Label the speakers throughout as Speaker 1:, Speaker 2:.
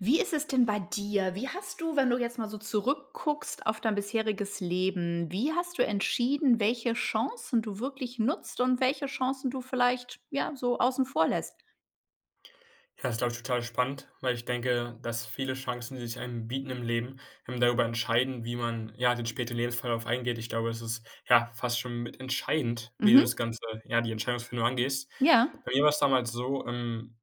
Speaker 1: Wie ist es denn bei dir? Wie hast du wenn du jetzt mal so zurückguckst auf dein bisheriges Leben, wie hast du entschieden, welche Chancen du wirklich nutzt und welche Chancen du vielleicht, ja, so außen vor lässt?
Speaker 2: Ja, das ist, glaube ich, total spannend, weil ich denke, dass viele Chancen, die sich einem bieten im Leben, ähm, darüber entscheiden, wie man, ja, den späteren Lebensverlauf eingeht. Ich glaube, das ist, ja, fast schon mit entscheidend, wie du das
Speaker 1: Mhm.
Speaker 2: Ganze, ja, die Entscheidungsfindung angehst.
Speaker 1: Ja.
Speaker 2: Bei mir war es damals so ähm,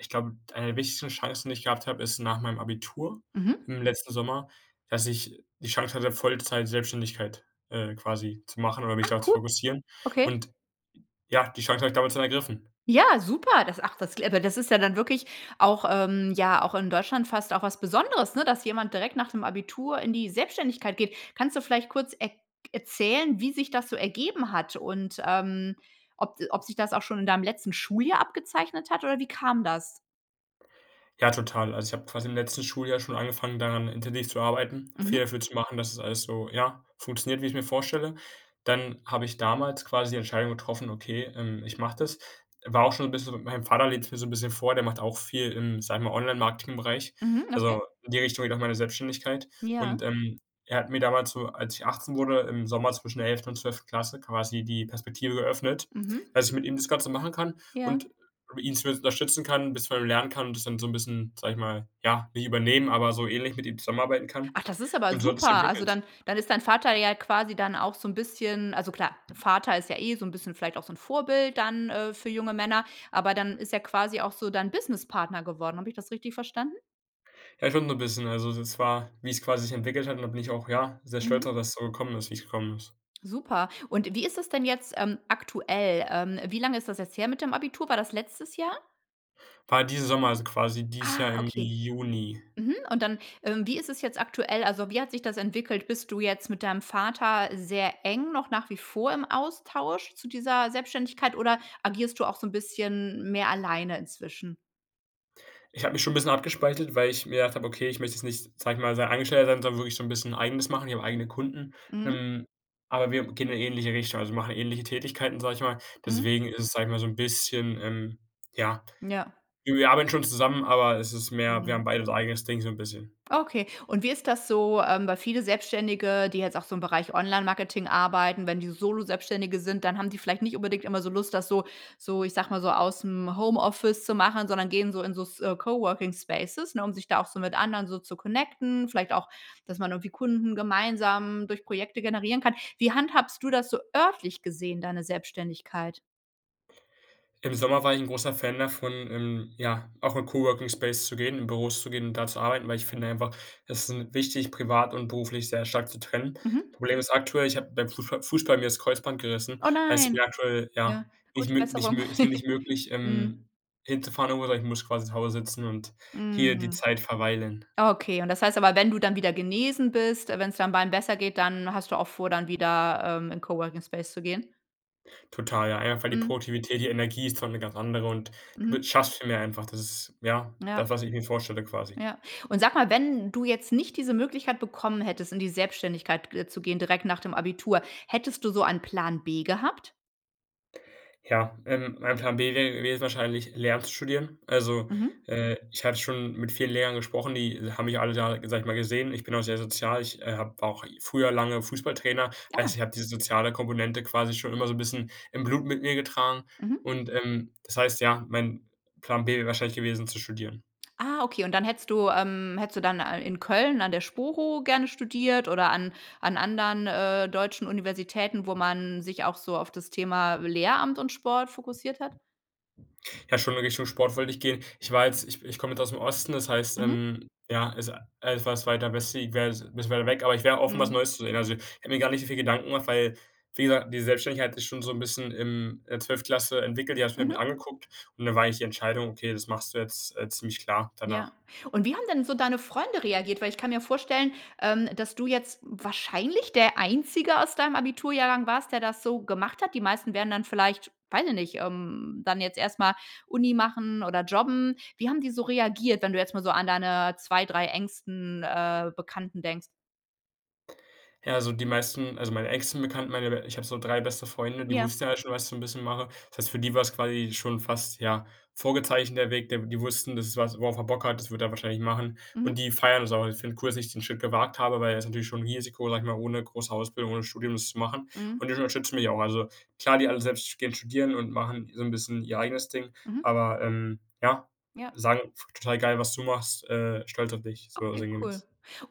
Speaker 2: ich glaube, eine der wichtigsten Chancen, die ich gehabt habe, ist nach meinem Abitur
Speaker 1: Mhm.
Speaker 2: im letzten Sommer, dass ich die Chance hatte, Vollzeit-Selbständigkeit, äh, quasi zu machen oder mich
Speaker 1: Ah,
Speaker 2: darauf zu
Speaker 1: cool.
Speaker 2: fokussieren.
Speaker 1: Okay.
Speaker 2: Und j ja, die Chancen habe ich damals dann ergriffen.
Speaker 1: Ja, super, das, ach, das kl äh das ist ja dann wirklich auch, ähm ja, auch in Deutschland fast auch was Besonderes, ne, dass jemand direkt nach dem Abitur in die Selbständigkeit geht. Kannst du vielleicht kurz erk erzählen, wie sich das so ergeben hat und, ähm, ob ob sich das auch schon in deinem letzten Schuljahr abgezeichnet hat, oder wie kam das?
Speaker 2: Ja, total. Also ich habe quasi im letzten Schuljahr schon angefangen, daran intensiv zu arbeiten, viel
Speaker 1: Mhm.
Speaker 2: dafür zu machen, dass das alles so, ja, funktioniert, wie ich's mir vorstelle. Dann habe ich damals quasi die Entscheidung getroffen, okay, ähm, ich mache das. War auch schon 'n bisschen mein Vater lebt's mir so 'n bisschen vor, der macht auch viel im, sage ich mal, Online-Marketingbereich.
Speaker 1: Mhm. Okay.
Speaker 2: Also in die Richtung geht auch meine Selbstständigkeit
Speaker 1: Ja.
Speaker 2: und, ähm, er hat mir damals so, als ich 18 wurde, im Sommer zwischen der 11. und 12. Klasse quasi die Perspektive eröffnet,
Speaker 1: Mhm.
Speaker 2: dass ich mit ihm das Ganze machen kann
Speaker 1: Ja.
Speaker 2: und ihn zumindest unterstützen kann, bisschen bei ihm lernen kann und das dann so 'n bisschen, sage ich mal, ja, nicht übernehmen, aber so ähnlich, mit ihm zusammenarbeiten kann.
Speaker 1: Ach, das ist aber
Speaker 2: Und so hat es sich
Speaker 1: super. Also,
Speaker 2: entwickelt.
Speaker 1: dann dann ist dein Vater ja quasi dann auch so 'n bisschen also, klar, Vater ist ja eh so 'n bisschen vielleicht auch so 'n Vorbild dann, äh, für junge Männer, aber dann ist er quasi auch so dein Business-Partner geworden. Habe ich das richtig verstanden?
Speaker 2: Ja, schon so 'n bisschen. Also, das war, wie es quasi sich entwickelt hat. Und da bin ich auch, ja, sehr stolz
Speaker 1: Mhm.
Speaker 2: darauf, dass es so gekommen ist, wie es gekommen ist.
Speaker 1: Super. Und wie ist das denn jetzt, ähm, aktuell? Ähm, wie lange ist das jetzt her mit dem Abitur? War das letztes Jahr?
Speaker 2: War diesen Sommer, also, quasi dieses Jahr
Speaker 1: Ah,
Speaker 2: im
Speaker 1: okay.
Speaker 2: Juni.
Speaker 1: Mhm, und dann, ähm, wie ist es jetzt aktuell? Also, wie hat sich das entwickelt? Bist du jetzt mit deinem Vater sehr eng noch nach wie vor im Austausch zu dieser Selbständigkeit oder agierst du auch so 'n bisschen mehr alleine inzwischen?
Speaker 2: Ich habe mich schon 'n bisschen abgespaltet, weil ich mir gedacht habe, okay, ich möchte jetzt nicht, sage ich mal, sein Angestellter sein, sondern wirklich so 'n bisschen eigenes machen. Ich habe eigene Kunden.
Speaker 1: Mhm.
Speaker 2: Ähm, aber wir gehen in 'ne ähnliche Richtung. Also, wir machen ähnliche Tätigkeiten, sage ich mal.
Speaker 1: Mhm.
Speaker 2: Deswegen ist es, sage ich mal so 'n bisschen, ähm ja,
Speaker 1: Ja.
Speaker 2: wir wir arbeiten schon zusammen, aber es ist mehr wir
Speaker 1: Mhm.
Speaker 2: haben beide so unser eigenes Ding so 'n bisschen.
Speaker 1: Okay und wie ist das so, ähm, weil viele Selbstständige, die jetzt auch so im Bereich Online-Marketing arbeiten, wenn die Solo-Selbstständige sind, dann haben die vielleicht nicht unbedingt immer so Lust, das so so ich sage mal so ausm Homeoffice zu machen, sondern gehen so in so s äh, Coworking Spaces, ne, um sich da auch so mit anderen zu connecten, vielleicht auch, dass man irgendwie Kunden gemeinsam durch Projekte generieren kann. Wie handhabst du das so örtlich gesehen, deine Selbständigkeit?
Speaker 2: Im Sommer war ich 'n großer Fan davon, ähm, ja, auch in Coworking Space zu gehen, in Büros zu gehen und da zu arbeiten, weil ich finde einfach, es ist 'n wichtig, privat und beruflich sehr stark zu trennen.
Speaker 1: Mhm.
Speaker 2: Problem ist aktuell, ich habe beim Fußball Fußball mir das Kreuzband gerissen,
Speaker 1: Oh
Speaker 2: heißt, ich bin
Speaker 1: nein.
Speaker 2: aktuell ja,
Speaker 1: Ja,
Speaker 2: nicht
Speaker 1: gute
Speaker 2: mö nicht
Speaker 1: Besserung.
Speaker 2: mö ist mir nicht möglich,
Speaker 1: Mhm.
Speaker 2: ähm, hinzufahren, [unintelligible] ich muss quasi zu Hause sitzen und hier die
Speaker 1: Mhm.
Speaker 2: Zeit verweilen.
Speaker 1: Okay, und das heißt aber, wenn du dann wieder genesen bist, wenn's deinem Bein besser geht, dann hast du auch vor, dann wieder, ähm, in Coworking Space zu gehen?
Speaker 2: Total, ja, einfach die
Speaker 1: Mhm.
Speaker 2: Produktivität, die Energie ist dort 'ne ganz andere und
Speaker 1: Mhm.
Speaker 2: du w schaffst viel mehr einfach. Das ist ja,
Speaker 1: Ja.
Speaker 2: das, was ich mir vorstelle quasi.
Speaker 1: Ja. Und sag mal, wenn du jetzt nicht diese Möglichkeit bekommen hättest, in die Selbständigkeit, äh, zu gehen direkt nach dem Abitur, hättest du so einen Plan B gehabt?
Speaker 2: Ja, ähm, mein Plan B wäre gewesen wahrscheinlich Lehramt zu studieren. Also,
Speaker 1: Mhm.
Speaker 2: äh, ich habe schon mit vielen Lehrern gesprochen, die haben mich alle Jahre, sage ich mal, gesehen. Ich bin auch sehr sozial. Ich, äh, habe auch früher lange Fußballtrainer heißt,
Speaker 1: Ja.
Speaker 2: ich habe diese soziale Komponente quasi schon immer so 'n bisschen im Blut mit mir getragen.
Speaker 1: Mhm.
Speaker 2: Und, ähm, das heißt, ja, mein Plan B wäre wahrscheinlich gewesen, zu studieren.
Speaker 1: Ah, okay. Und dann hättest du, ähm hättest du dann a in Köln an der Sporo gerne studiert oder an an anderen, äh, deutschen Universitäten, wo man sich auch so auf das Thema Lehramt und Sport fokussiert hat?
Speaker 2: Ja, schon in Richtung Sport wollte ich gehen. Ich war jetzt ich ich komme jetzt aus dem Osten, das heißt,
Speaker 1: Mhm.
Speaker 2: ähm, ja, also etwas weiter westlich wäre jetzt 'n bisschen weit weg, aber ich wäre offen, was
Speaker 1: Mhm.
Speaker 2: Neues zu sehen. Also, ich hätte mir gar nicht so viele Gedanken gemacht, weil, wie gesagt, die Selbstständigkeit ist schon so 'n bisschen im in der 12. Klasse entwickelt, ja die habe ich
Speaker 1: Mhm.
Speaker 2: mir angeguckt und da war eigentlich die Entscheidung „okay, das machst du jetzt“, äh, ziemlich klar
Speaker 1: Ja.
Speaker 2: danach.
Speaker 1: Und wie haben denn so deine Freunde reagiert? Weil ich kann mir vorstellen, ähm, dass du jetzt wahrscheinlich der einzige aus deinem Abiturjahrgang warst, der das so gemacht hat. Die meisten wären dann vielleicht, weiß ich nicht, ähm, dann jetzt erst mal Uni machen oder jobben. Wie haben die so reagiert, wenn du jetzt mal so an deine 2, 3 engsten, äh, Bekannten denkst?
Speaker 2: Ja, also die meisten also meine engsten Bekannten, meine ich habe so 3 beste Freunde, die
Speaker 1: Ja.
Speaker 2: wussten ja alle schon, was ich so 'n bisschen mache. Das heißt, für die war's quasi schon fast, ja, vorgezeichnet der Weg, der die wussten: „Das ist was, worauf er Bock hat, das wird er wahrscheinlich machen.”
Speaker 1: Mhm.
Speaker 2: Und die feiern das auch. Die finden es cool, dass ich den Schritt gewagt habe, weil es ist natürlich schon 'n Risiko, sage ich mal, ohne große Ausbildung, ohne Studium das zu machen.
Speaker 1: Mhm.
Speaker 2: Und die unterstützen mich auch, also klar, die alle selbst gehen studieren und machen so 'n bisschen ihr eigenes Ding,
Speaker 1: Mhm.
Speaker 2: aber, ähm, ja,
Speaker 1: Ja.
Speaker 2: sagen: „Total geil, was du machst, äh, stolz auf dich.” so
Speaker 1: Okay, cool.
Speaker 2: sinngemäß.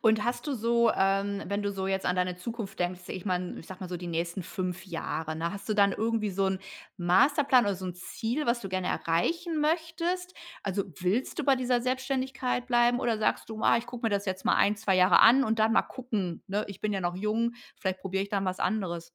Speaker 1: Und hast du so ähm, wenn du so jetzt an deine Zukunft denkst ich meine, ich sage mal so die nächsten 5 Jahre, ne? Hast du dann irgendwie so 'n Masterplan oder so 'n Ziel, was du gerne erreichen möchtest? Also, willst du bei dieser Selbständigkeit bleiben, oder sagst du: „Ah, ich gucke mir das jetzt mal 1, 2 Jahre an und dann mal gucken, ne, ich bin ja noch jung, vielleicht probiere ich dann was anderes.”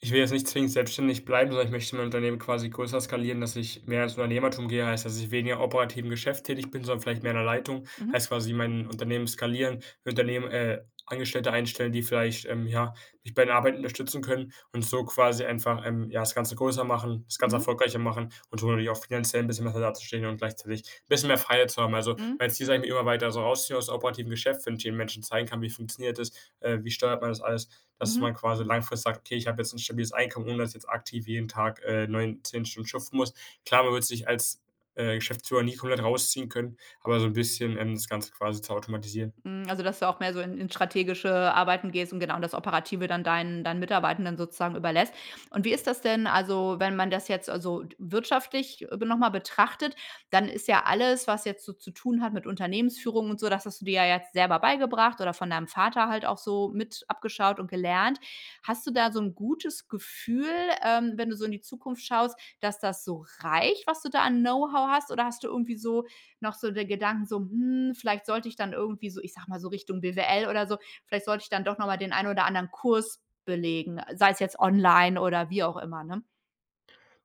Speaker 2: Ich will jetzt nicht zwingend selbstständig bleiben, sondern ich möchte mein Unternehmen quasi größer skalieren, dass ich mehr ins Unternehmertum gehe. Heißt, dass ich weniger operativ im Geschäft tätig bin, sondern vielleicht mehr in der Leitung,
Speaker 1: Mhm.
Speaker 2: heißt quasi mein Unternehmen skalieren. Im Unternehmen, äh, Angestellte einstellen, die vielleicht, ähm, ja, mich bei der Arbeit unterstützen können und so quasi einfach, ähm, ja, das Ganze größer machen. Das Ganze
Speaker 1: Mhm.
Speaker 2: erfolgreicher machen und so natürlich auch finanziell 'n bisschen besser dazustehen und gleichzeitig 'n bisschen mehr Freiheit zu haben. Also,
Speaker 1: Mhm.
Speaker 2: mein Ziel ist eigentlich, mich immer weiter so rausziehen aus dem operativen Geschäft. Wenn ich eben Menschen zeigen kann: „Wie funktioniert das, äh, wie steuert man das alles?", dass
Speaker 1: Mhm.
Speaker 2: man quasi langfristig sagt: „Okay, ich habe jetzt 'n stabiles Einkommen, ohne dass ich jetzt aktiv jeden Tag, äh, 9, 10 Stunden schuften muss.” Klar, man wird sich als, äh, Geschäftsführer nie komplett rausziehen können, aber so 'n bisschen, ähm, das Ganze quasi zu automatisieren.
Speaker 1: Mhm, also, dass du auch mehr so in in strategische Arbeiten gehst und genau das Operative dann deinen deinen Mitarbeitenden sozusagen überlässt. Und wie ist das denn, also, wenn man das jetzt also w wirtschaftlich b nochmal betrachtet? Dann ist ja alles, was jetzt so zu tun hat mit Unternehmensführung und so das hast du dir ja jetzt selber beigebracht oder von deinem Vater halt auch so mit abgeschaut und gelernt. Hast du da so 'n gutes Gefühl, ähm, wenn du so in die Zukunft schaust, dass das so reicht, was du da an Know-how hast, oder hast du irgendwie so noch so den Gedanken so: „Hm, vielleicht sollte ich dann irgendwie so, ich sage mal, so Richtung BWL oder so vielleicht sollte ich dann doch nochmal den einen oder anderen Kurs belegen.” Sei es jetzt online oder wie auch immer, ne?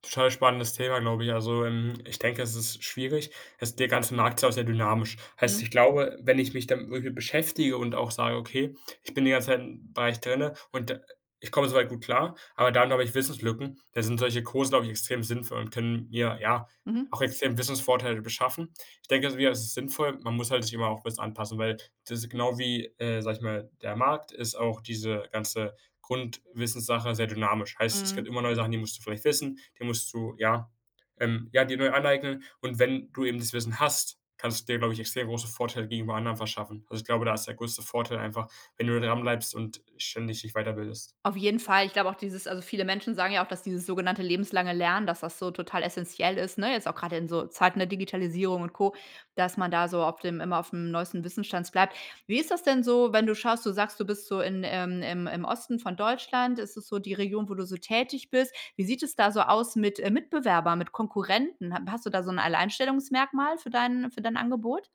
Speaker 2: Total spannendes Thema, glaube ich. Also, hm, ich denke, es ist schwierig. Das der ganze Markt ist sehr dynamisch,
Speaker 1: Hm.
Speaker 2: heißt, ich glaube, wenn ich mich damit wirklich beschäftige und auch sage: „Okay, ich bin die ganze Zeit im Bereich drinnen und ich komme soweit gut klar.“ Aber dann habe ich Wissenslücken. Da sind solche Kurse glaube ich, extrem sinnvoll und können mir, ja,
Speaker 1: Mhm.
Speaker 2: auch extrem Wissensvorteile beschaffen. Ich denke mir, es ist sinnvoll. Man muss halt sich immer auch bisschen anpassen, weil das ist genau wie, äh, sage ich mal, der Markt ist auch diese ganze Grundwissenssache sehr dynamisch, heißt, es
Speaker 1: Mhm.
Speaker 2: gibt immer neue Sachen, die musst du vielleicht wissen, die musst du ja, ähm ja, dir neu aneignen. Und wenn du eben das Wissen hast, kannst du dir, glaube ich, extrem große Vorteile gegenüber anderen verschaffen. Also, ich glaube, da ist der größte Vorteil einfach, wenn du dranbleibst und ständig dich weiterbildest.
Speaker 1: Auf jeden Fall, ich glaube auch dieses also, viele Menschen sagen ja auch, dass dieses sogenannte lebenslange Lernen, dass das so total essenziell ist, ne? Jetzt auch grade in so Zeiten der Digitalisierung und Co, dass man da so auf dem immer aufm neuesten Wissensstand bleibt. Wie ist das denn so, wenn du schaust? Du sagst, du bist so in, ähm, ähm, im Osten von Deutschland. Ist das so die Region, wo du so tätig bist? Wie sieht es da so aus mit, äh, Mitbewerbern, mit Konkurrenten? Hat hast du da so 'n Alleinstellungsmerkmal für dein für dein Angebot?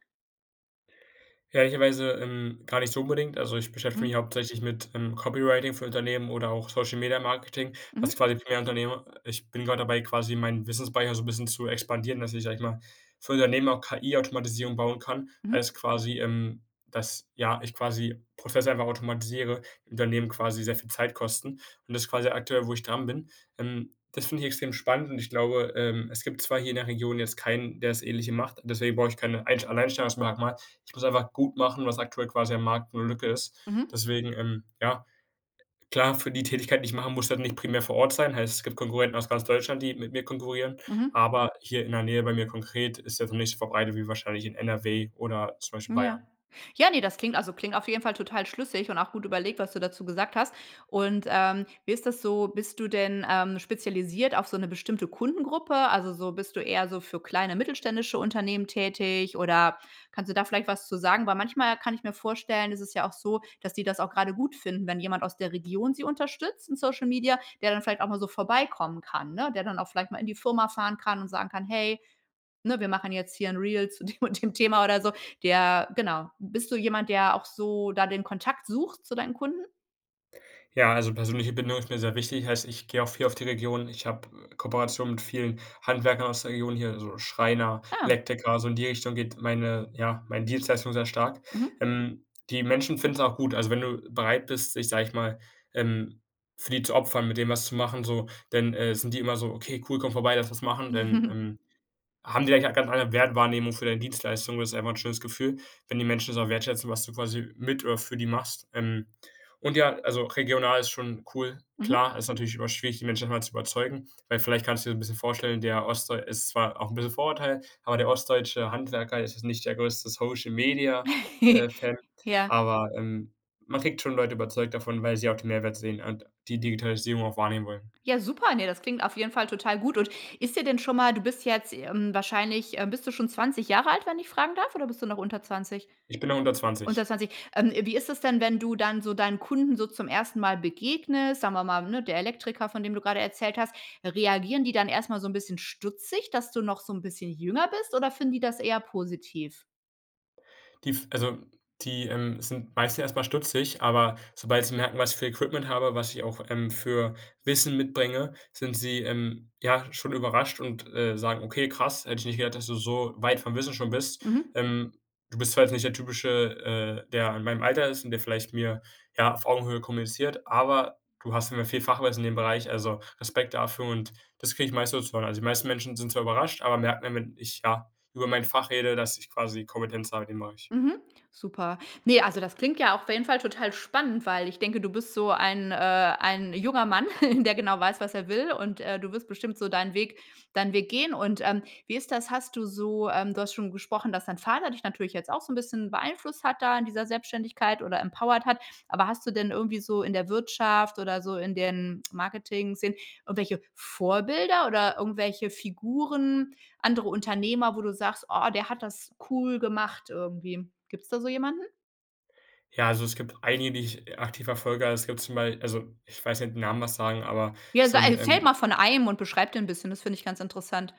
Speaker 2: Ehrlicherweise, ähm, gar nicht so unbedingt. Also, ich beschäftige
Speaker 1: Mhm.
Speaker 2: mich hauptsächlich mit, ähm, Copywriting für Unternehmen oder auch Social-Media-Marketing, was
Speaker 1: Mhm.
Speaker 2: quasi primär Unternehmer ich bin grad dabei, quasi meinen Wissens-Speicher so bisschen zu expandieren, dass ich, sage ich mal, für Unternehmen auch KI-Automatisierung bauen kann, als
Speaker 1: Mhm.
Speaker 2: quasi, ähm, dass, ja, ich quasi Prozesse einfach automatisiere, Unternehmen quasi sehr viel Zeit kosten und das quasi aktuell, wo ich dran bin, ähm. Das finde ich extrem spannend und ich glaube, ähm, es gibt zwar hier in der Region jetzt keinen, der das Ähnliche macht. Deswegen brauche ich keine einsch Alleinstellungsmerkmal. Ich muss einfach gut machen, was aktuell quasi am Markt 'ne Lücke ist.
Speaker 1: Mhm.
Speaker 2: Deswegen, ähm, ja, klar, für die Tätigkeit, die ich mache, musst du halt nicht primär vor Ort sein, heißt, es gibt Konkurrenten aus ganz Deutschland, die mit mir konkurrieren.
Speaker 1: Mhm.
Speaker 2: Aber hier in der Nähe bei mir konkret ist das noch nicht verbreitet, wie wahrscheinlich in NRW oder zum Beispiel
Speaker 1: Ja.
Speaker 2: Bayern.
Speaker 1: Ja, ne, das klingt also, klingt auf jeden Fall total schlüssig und auch gut überlegt, was du dazu gesagt hast. Und, ähm, wie ist das so, bist du denn, ähm, spezialisiert auf so 'ne bestimmte Kundengruppe? Also, so bist du eher so für kleine mittelständische Unternehmen tätig, oder kannst du da vielleicht was zu sagen? Weil manchmal kann ich mir vorstellen, ist es ja auch so, dass die das auch grade gut finden, wenn jemand aus der Region sie unterstützt in Social Media, der dann vielleicht auch mal so vorbeikommen kann, ne, der dann auch vielleicht mal in die Firma fahren kann und sagen kann: „Hey, ne, wir machen jetzt hier 'n Reel zu dem und dem Thema.“ Oder so. Der genau bist du jemand, der auch so da den Kontakt sucht zu deinen Kunden?
Speaker 2: Ja, also, persönliche Bindung ist mir sehr wichtig, heißt, ich gehe auch viel auf die Region. Ich habe Kooperationen mit vielen Handwerkern aus der Region hier, so Schreiner,
Speaker 1: Ah.
Speaker 2: Elektriker, so in die Richtung geht meine ja, meine Dienstleistung sehr stark.
Speaker 1: Mhm.
Speaker 2: Ähm, die Menschen finden es auch gut. Also, wenn du bereit bist, dich, sage ich mal, ähm, für die zu opfern, mit denen was zu machen, so dann, äh, sind die immer so: „Okay, cool. Komme vorbei. Lass was machen.” Denn,
Speaker 1: Mhm.
Speaker 2: ähm, haben die da eigentlich auch ganz andere Wertwahrnehmung für deine Dienstleistung. Das ist einfach 'n schönes Gefühl, wenn die Menschen das auch wertschätzen, was du quasi mit äh, für die machst. Ähm, und ja, also regional ist schon cool.
Speaker 1: Mhm.
Speaker 2: Klar, ist natürlich immer schwierig, die Menschen davon zu überzeugen, weil, vielleicht kannst du dir 'n bisschen vorstellen, der ostdeu ist zwar auch 'n bisschen Vorurteil, aber der ostdeutsche Handwerker ist jetzt nicht der größte Social-Media äh, Fan,
Speaker 1: Ja.
Speaker 2: aber, ähm, man kriegt schon Leute überzeugt davon, weil sie auch den Mehrwert sehen und die Digitalisierung auch wahrnehmen wollen.
Speaker 1: Ja, super. Ne, das klingt auf jeden Fall total gut. Und ist dir denn schon mal du bist jetzt, ähm, wahrscheinlich, äh, bist du schon 20 Jahre alt, wenn ich fragen darf, oder bist du noch unter 20?
Speaker 2: Ich bin noch unter
Speaker 1: Unter
Speaker 2: 20.
Speaker 1: 20. Ähm, wie ist es denn, wenn du dann so deinen Kunden so zum ersten Mal begegnest, sagen wir mal, ne, der Elektriker, von dem du gerade erzählt hast. Reagieren die dann erstmal so 'n bisschen stutzig, dass du noch so 'n bisschen jünger bist, oder finden die das eher positiv?
Speaker 2: Die f also, die, ähm, sind meistens erstmal stutzig. Aber sobald sie merken, was für Equipment habe, was ich auch, ähm, für Wissen mitbringe, sind sie, ähm, ja, schon überrascht und, äh, sagen: „Okay, krass. Hätte ich nicht gedacht, dass du so weit vom Wissen schon bist.
Speaker 1: Mhm.
Speaker 2: Ähm, du bist zwar jetzt nicht der typische, äh, der in meinem Alter ist und der vielleicht mir, ja, auf Augenhöhe kommuniziert. Aber du hast auf jeden Fall viel Fachwissen in dem Bereich. Also Respekt dafür." Und das kriege ich meistens so zu hören. Also die meisten Menschen sind zwar überrascht, aber merken dann, wenn ich, ja, über mein Fach rede, dass ich quasi Kompetenz habe in dem Bereich.
Speaker 1: Mhm. Super. Ne, also das klingt ja auf jeden Fall total spannend, weil ich denke, du bist so ein äh, ein junger Mann, der genau weiß, was er will und, äh, du wirst bestimmt so deinen Weg deinen Weg gehen. Und, ähm, wie ist das? Hast du so, ähm du hast schon gesprochen, dass dein Vater dich natürlich jetzt auch so 'n bisschen beeinflusst hat da an dieser Selbständigkeit oder empowered hat. Aber hast du denn irgendwie so in der Wirtschaft oder so in den Marketing-Szenen irgendwelche Vorbilder oder irgendwelche Figuren, andere Unternehmer, wo du sagst: „Oh, der hat das cool gemacht irgendwie." Gibt's da so jemanden?
Speaker 2: Ja, also, es gibt einige, die ich e aktiv verfolge. Also, es gibt zum Bei also, ich weiß nicht, ob dir die Namen was sagen, aber
Speaker 1: Ja, also
Speaker 2: so 'n,
Speaker 1: erzähle
Speaker 2: ähm
Speaker 1: mal von einem und beschreib den 'n bisschen, das finde ich ganz interessant.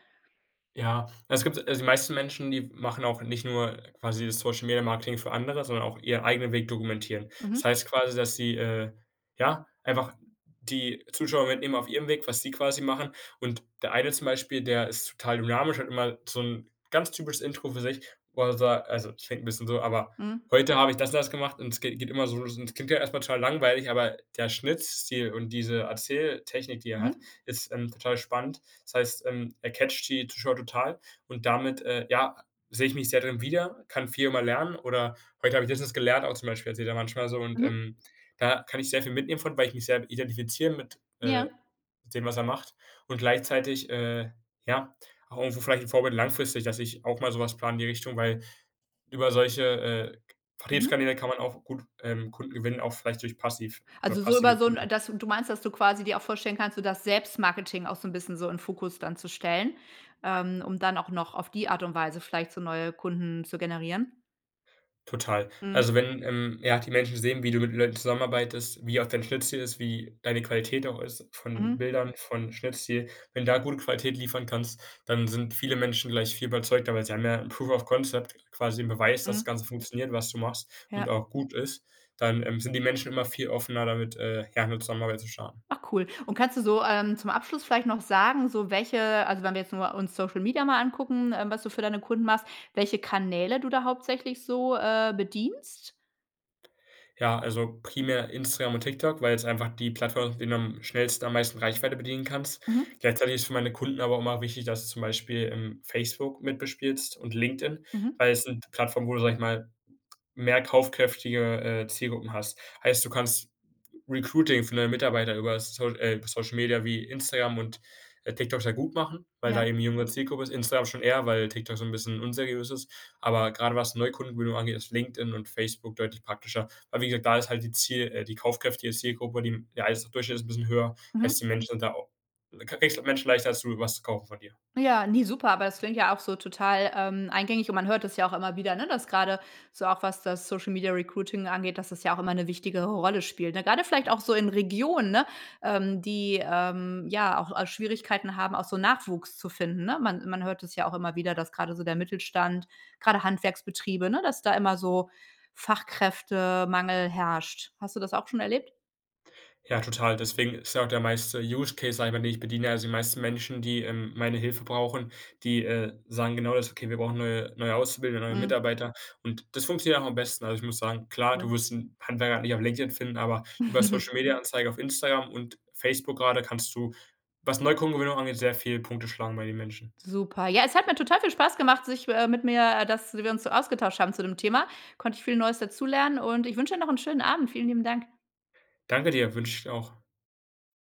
Speaker 2: Ja, es gibt also die meisten Menschen, die w machen auch nicht nur quasi das Social-Media-Marketing für andere, sondern auch ihren eigenen Weg dokumentieren. Das
Speaker 1: Mhm.
Speaker 2: heißt quasi, dass sie, äh, ja, einfach die Zuschauer mitnehmen auf ihrem Weg, was sie quasi machen. Und der eine zum Beispiel, der ist total dynamisch und immer so 'n ganz typisches Intro für sich wo er sa also ich rede 'n bisschen so, aber:
Speaker 1: Mhm.
Speaker 2: „Heute habe ich das und das gemacht.“ Und es geht geht immer so los. Und es klingt ja erstmal total langweilig, aber der Schnittstil und diese Erzähltechnik, die er hat,
Speaker 1: Mhm.
Speaker 2: ist, ähm, total spannend. Das heißt, ähm, er catcht die Zuschauer total. Und damit, äh, ja, sehe ich mich sehr drin wieder, kann viel immer lernen oder: „Heute habe ich [unintelligible] gelernt.” auch zum Beispiel erzählt er manchmal so, und,
Speaker 1: Mhm.
Speaker 2: ähm, da kann ich sehr viel mitnehmen von, weil ich mich sehr identifiziere mit,
Speaker 1: Ja.
Speaker 2: äh, dem, was er macht. Und gleichzeitig, äh, ja, auch irgendwo vielleicht 'n Vorbild langfristig, dass ich auch mal sowas plane in die Richtung, weil über solche, äh, K
Speaker 1: Mhm.
Speaker 2: Vertriebskanäle kann man auch gut, ähm, Kunden gewinnen, auch vielleicht durch passiv oder
Speaker 1: Also so
Speaker 2: passive
Speaker 1: über so 'n
Speaker 2: Kunden.
Speaker 1: dass du meinst, dass du quasi dir auch vorstellen kannst, so das Selbstmarketing auch so 'n bisschen so in Fokus dann zu stellen, ähm, und dann auch noch auf die Art und Weise vielleicht so neue Kunden zu generieren?
Speaker 2: Total.
Speaker 1: Mhm.
Speaker 2: Also, wenn, ähm, ja, die Menschen sehen, wie du mit Leuten zusammenarbeitest, wie auch dein Schnitt-Ziel ist, wie deine Qualität auch ist von
Speaker 1: Mhm.
Speaker 2: Bildern von Schnitt-Ziel. Wenn du da gute Qualität liefern kannst, dann sind viele Menschen gleich viel überzeugter, weil sie haben ja 'n Proof of Concept, quasi 'nen Beweis, dass das
Speaker 1: Mhm.
Speaker 2: Ganze funktioniert, was du machst, und
Speaker 1: Ja.
Speaker 2: auch gut ist. Dann, ähm, sind die Menschen immer viel offener, da mit, äh ja, 'ne Zusammenarbeit zu starten.
Speaker 1: Ach, cool. Und kannst du so, ähm, zum Abschluss vielleicht noch sagen, so welche also, wenn wir jetzt nur uns Social Media mal angucken, ähm, was du für deine Kunden machst, welche Kanäle du da hauptsächlich so, äh, bedienst?
Speaker 2: Ja, also primär Instagram und TikTok, weil es einfach die Plattformen mit denen du am schnellsten am meisten Reichweite bedienen kannst.
Speaker 1: Mhm.
Speaker 2: Gleichzeitig ist es für meine Kunden aber immer wichtig, dass du zum Beispiel, ähm, Facebook mit bespielst und LinkedIn,
Speaker 1: Mhm.
Speaker 2: weil es sind Plattformen, wo du, sage ich mal, mehr kaufkräftige, äh, Zielgruppen hast. Heißt, du kannst Recruiting für neue Mitarbeiter über So äh, Social Media wie Instagram und TikTok sehr gut machen, weil da
Speaker 1: Ja.
Speaker 2: eben jüngere Zielgruppe ist. Instagram schon eher, weil TikTok so 'n bisschen unseriös ist. Aber grade was Neukundengewinnung angeht, ist LinkedIn und Facebook deutlich praktischer. Aber wie gesagt, da ist halt die Ziel äh die kaufkräftige Zielgruppe, die der Einkommensdurchschnitt ist 'n bisschen höher, heißt
Speaker 1: Mhm.
Speaker 2: die Menschen sind da auch du kriegst halt Menschen leichter dazu, was zu kaufen von dir.
Speaker 1: Ja, ne, super, aber das klingt ja auch so total, ähm, eingängig, und man hört das ja auch immer wieder, ne, dass grade so, auch was das Social-Media-Recruiting angeht, dass das ja auch immer 'ne wichtigere Rolle spielt. Grade vielleicht auch so in Regionen, ne, ähm, die, ähm, ja, auch, äh, Schwierigkeiten haben, auch so Nachwuchs zu finden, ne? Man man hört das ja auch immer wieder, dass gerade so der Mittelstand, grade Handwerksbetriebe ne, dass da immer so Fachkräftemangel herrscht. Hast du das auch schon erlebt?
Speaker 2: Ja, total. Deswegen ist ja auch der meiste Use Case, sage ich mal, den ich bediene also die meisten Menschen, die, ähm, meine Hilfe brauchen, die, äh, sagen genau das: „Okay, wir brauchen neue neue Auszubildende und neue
Speaker 1: Mhm.
Speaker 2: Mitarbeiter.” Und das funktioniert auch am besten. Also, ich muss sagen, klar,
Speaker 1: Mhm.
Speaker 2: du wirst 'nen Handwerker nicht auf LinkedIn finden, aber über Social-Media-Anzeige auf Instagram und Facebook grade kannst du, was Neukundengewinnung angeht, sehr viele Punkte schlagen bei den Menschen.
Speaker 1: Super. Ja, es hat mir total viel Spaß gemacht, sich, äh, mit mir äh, dass wir uns so ausgetauscht haben zu dem Thema. Konnte ich viel Neues dazulernen und ich wünsche dir noch 'nen schönen Abend. Vielen lieben Dank.
Speaker 2: Danke dir. Wünsche ich dir auch.